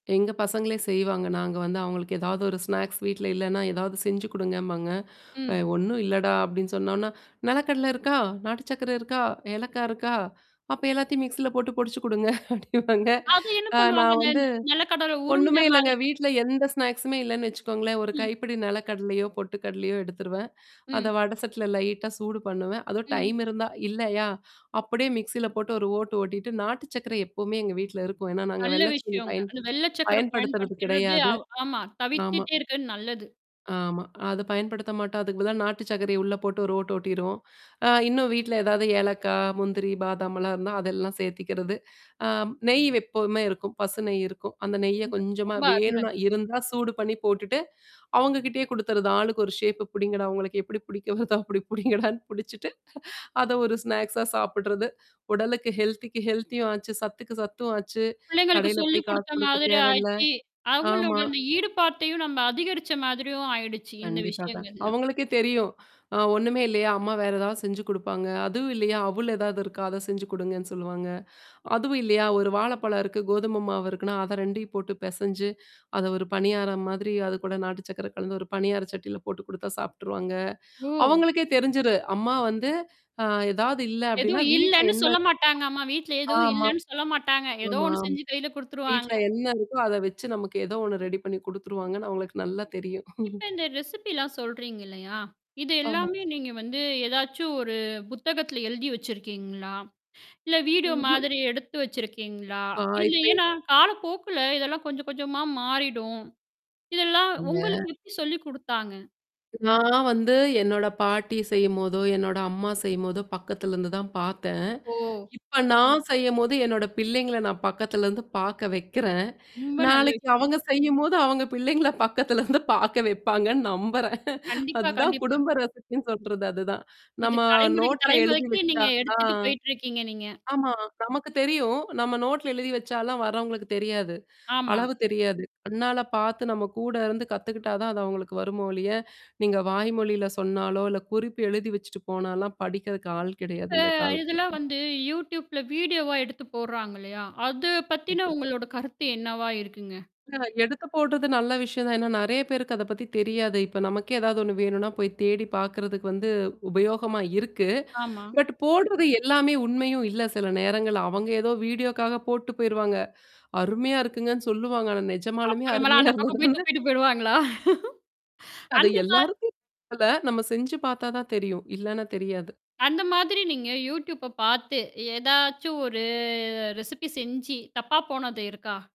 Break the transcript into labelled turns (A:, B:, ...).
A: எங்க பசங்களே செய்வாங்க. நாங்க வந்து அவங்களுக்கு ஏதாவது ஒரு ஸ்நாக்ஸ் வீட்ல இல்லன்னா ஏதாவது செஞ்சு குடுங்கம்பாங்க. அ
B: ம்.
A: ஒண்ணும் இல்லடா! அப்டின்னு சொன்னோனா, நெலக்கடல இருக்கா, நாட்டு சர்கரை இருக்கா? ஏலக்காய் இருக்கா? அப்ப எல்லாத்தையும் மிக்ஸியில போட்டு பொடிச்சு குடுங்க அப்டிவாங்க.
B: அது என்ன
A: அ
B: பண்ணுவாங்க?
A: நான்
B: அந்த
A: வந்து,
B: நெலக்கடவு உருண்ட
A: ஒண்ணுமே இல்லங்க
B: மாதிரி?
A: வீட்ல எந்த ஸ்நாக்ஸ்மே இல்லன்னு வச்சுக்கோங்களேன். ஒரு
B: ம்.
A: கைப்பிடி நெல கடலையோ, பொட்டு கடலையோ எடுத்துருவேன்.
B: ம்.
A: அத வடசட்டில லைட்டா சூடு பண்ணுவேன். அதவும்
B: ம்.
A: டைம் இருந்தா இல்லயா? அப்டியே மிக்ஸில போட்டு ஒரு ஓட்டு ஓட்டிட்டு நாட்டு சர்க்கரை எப்போமே எங்க வீட்ல இருக்கும். ஏன்னா நாங்க
B: நல்ல
A: வெள்ளைச்சீனி
B: விஷயங்க.
A: பயன்
B: அந்த வெள்ள சர்க்கர
A: பயன்படுத்துறது
B: பயன்படுத்துறது
A: கிடையாது.
B: அவ ஆமா
A: ஆமா.
B: தவித்துட்டே இருக்கது நல்லது.
A: ஆமா. அத பயன்படுத்த மாட்டோம், அதுக்கு பதிலா நாட்டு சர்க்கர உள்ள போட்டு ஒரு ஓட்டு ஓட்டிருவோம். அ இன்னும் வீட்ல ஏதாவது ஏலக்காய், முந்திரி, பாதாமலாம் இருந்தா அதெல்லாம் சேர்த்திக்கிறது. அ நெய் எப்பவுமே இருக்கும். பசு நெய் இருக்கும். அந்த நெய்ய
B: சூப்பர்,
A: கொஞ்சமா
B: ரொம்ப அருமைங்க.
A: வேணுனா இருந்தா சூடு பண்ணி போட்டுட்டு, அவங்க கிட்டயே குடுத்துறது. ஆளுக்கு ஒரு ஷேப்பு புடிங்கடா, உங்களுக்கு எப்டி பிடிக்க வருதா அப்டி புடிங்கடான்னு புடிச்சுட்டு, அத ஒரு ஸ்நாக்ஸா சாப்பிடறது. உடலுக்கு ஹெல்த்திக்கு ஹெல்த்தியும் ஆச்சு, சத்துக்கு சத்தும் ஆச்சு,
B: பிள்ளைங்களுக்கு
A: கடையில
B: சொல்லி
A: போய் காசு
B: குடுத்த
A: குடுக்க
B: மாதிரி
A: தேவையில்ல.
B: ஆயிச்சு. அவங்களோட
A: ஆமா.
B: அந்த ஈடுபாத்தையும் நம்ம அதிகரிச்ச மாதிரியும் ஆயிடுச்சு இந்த
A: கண்டிப்பாக.
B: விஷயங்கள்லா.
A: அவங்களுக்கே தெரியும். அ ஒண்ணுமே இல்லையா அம்மா வேற ஏதாவது செஞ்சு குடுப்பாங்க. அதுவும் இல்லையா, அவுள் ஏதாவது இருக்கா? அத செஞ்சு குடுங்கன்னு சொல்லுவாங்க. அதுவும் இல்லையா, ஒரு வாழைப்பழம் இருக்கு, கோதும மாவு இருக்குன்னா, அத 2 போட்டு பெசஞ்சு, அத ஒரு பனியாரம் மாதிரி அது கூட நாட்டு சர்கக்கர கலந்து ஒரு பனியார சட்டியில போட்டு குடுத்தா சாபிட்டுருவாங்க.
B: ஓ!
A: அவங்களுக்கே தெரிஞ்சரு. அம்மா வந்து அ ஏதாவது இல்ல அப்டின்னா
B: எதுவும்
A: வீட்ல
B: இல்லன்னு
A: என்ன
B: சொல்ல மாட்டாங்கம்மா. வீட்ல எதுவும்
A: ஆமா.
B: இல்லன்னு சொல்ல மாட்டாங்க. ஏதோ
A: ஆமா,
B: ஒண்ணு
A: ஆம்.
B: செஞ்சு கையில
A: வீட்ல
B: குடுத்துருவாங்க.
A: என்ன இருக்கோ அத வச்சு நமக்கு ஏதோ ஒண்ணு ரெடி பண்ணி குடுத்துருவாங்கன்னு அவங்களுக்கு நல்லா தெரியும்.
B: இப்ப இந்த ரெசிபிலாம் சொல்றீங்க இல்லையா? இது
A: ஆமா.
B: எல்லாமே நீங்க வந்து ஏதாச்சும் ஒரு புத்தகத்தில எழுதி வச்சிருக்கீங்களா? இல்ல வீடியோ
A: ம்ஹ்ம்.
B: மாதிரி எடுத்து வச்சிருக்கீங்களா?
A: ஆ
B: இல்ல
A: இப்ப
B: ஏன்னா காலப்போக்குல இதெல்லாம் கொஞ்சம் கொஞ்சமா மாறிடும். இதெல்லாம்
A: இந்த
B: உங்களுக்கு எப்டி சொல்லி குடுத்தாங்க?
A: நான் வந்து என்னோட பாட்டி செய்யும்போதோ, என்னோட அம்மா செய்யும்போதோ பக்கத்தலருந்து தான் பார்த்தேன்.
B: ஓ!
A: இப்ப நான் செய்யும்போது என்னோட பிள்ளைங்கள நான் பக்கத்துலருந்து பார்க்க வைக்கிறேன்.
B: ரொம்ப நல்ல
A: நாளைக்கு
B: விஷயம்.
A: அவங்க செய்யும்போது அவங்க பிள்ளைங்கள பக்கத்தலருந்து பார்க்க வைப்பாங்கன்னு நம்புறேன்.
B: கண்டிப்பா,
A: அதுதான்
B: கண்டிப்பா.
A: குடும்ப ரெசிபின்னு சொல்றது அதுதான்.
B: இது
A: நம்ம
B: தலைமுறைக்கு,
A: நோட்ல எழுதி
B: தலைமுறைக்கு
A: வச்சா
B: நீங்க எடுத்துட்டு
A: தான்.
B: போயிட்டுருக்கீங்க நீங்க.
A: ஆமா. நமக்கு தெரியும். நம்ம நோட்ல எழுதி வச்சாலாம் வர்றவங்களுக்கு தெரியாது.
B: ஆமா.
A: அளவு தெரியாது. கண்ணால பார்த்து நம்ம கூட இருந்து கத்துக்கிட்டா தான் அது அவங்களுக்கு வருமோல்லிய. நீங்க வாய்மொழியில சொன்னாலோ, இல்ல குறிப்பு எழுதி வச்சுட்டு போனாலாம் படிக்கிறதுக்கு ஆள் கிடையாது
B: இப்ப
A: இந்த காலத்துல.
B: இதெல்லாம்
A: ம்.
B: வந்து Youtube -ல வீடியோவா எடுத்து போடுறாங்க இல்லையா? அத பத்தின
A: கண்டிப்பா.
B: உங்களோட கருத்து என்னவா இருக்குங்க?
A: ஆ எடுத்து போட்டது நல்ல விஷயம் தான். ஏன்னா நெறைய பேருக்கு அத பத்தி தெரியாது. இப்ப நமக்கே ஏதாவது ஒண்ணு வேணுனா போய் தேடி பார்கறதுக்கு வந்து உபயோகமா இருக்கு.
B: ஆமா.
A: பட் போடுறது எல்லாமே உண்மையும் இல்ல சில நேரங்கள் அவங்க ஏதோ வீடியோக்காக போட்டு போயிருவாங்க. அருமையா இருக்குங்கன்னு சொல்லுவாங்க. ஆனா நெஜமாலுமே
B: அப்புறமேலா
A: அருமையா
B: அந்த
A: இருந்தா
B: பக்கம் போய்
A: தானே
B: தூப்பிட்டு போயிருவாங்களா?
A: அது
B: அந்த மாரி
A: எல்லாருக்கும் [unintelligible] நம்ம செஞ்சு பார்த்தா தான் தெரியும். இல்லன்னா தெரியாது.
B: அந்த மாதிரி நீங்க Youtube பார்த்து ஏதாச்சும் ஒரு ரெசிபி செஞ்சு தப்பா போனது இருக்கா?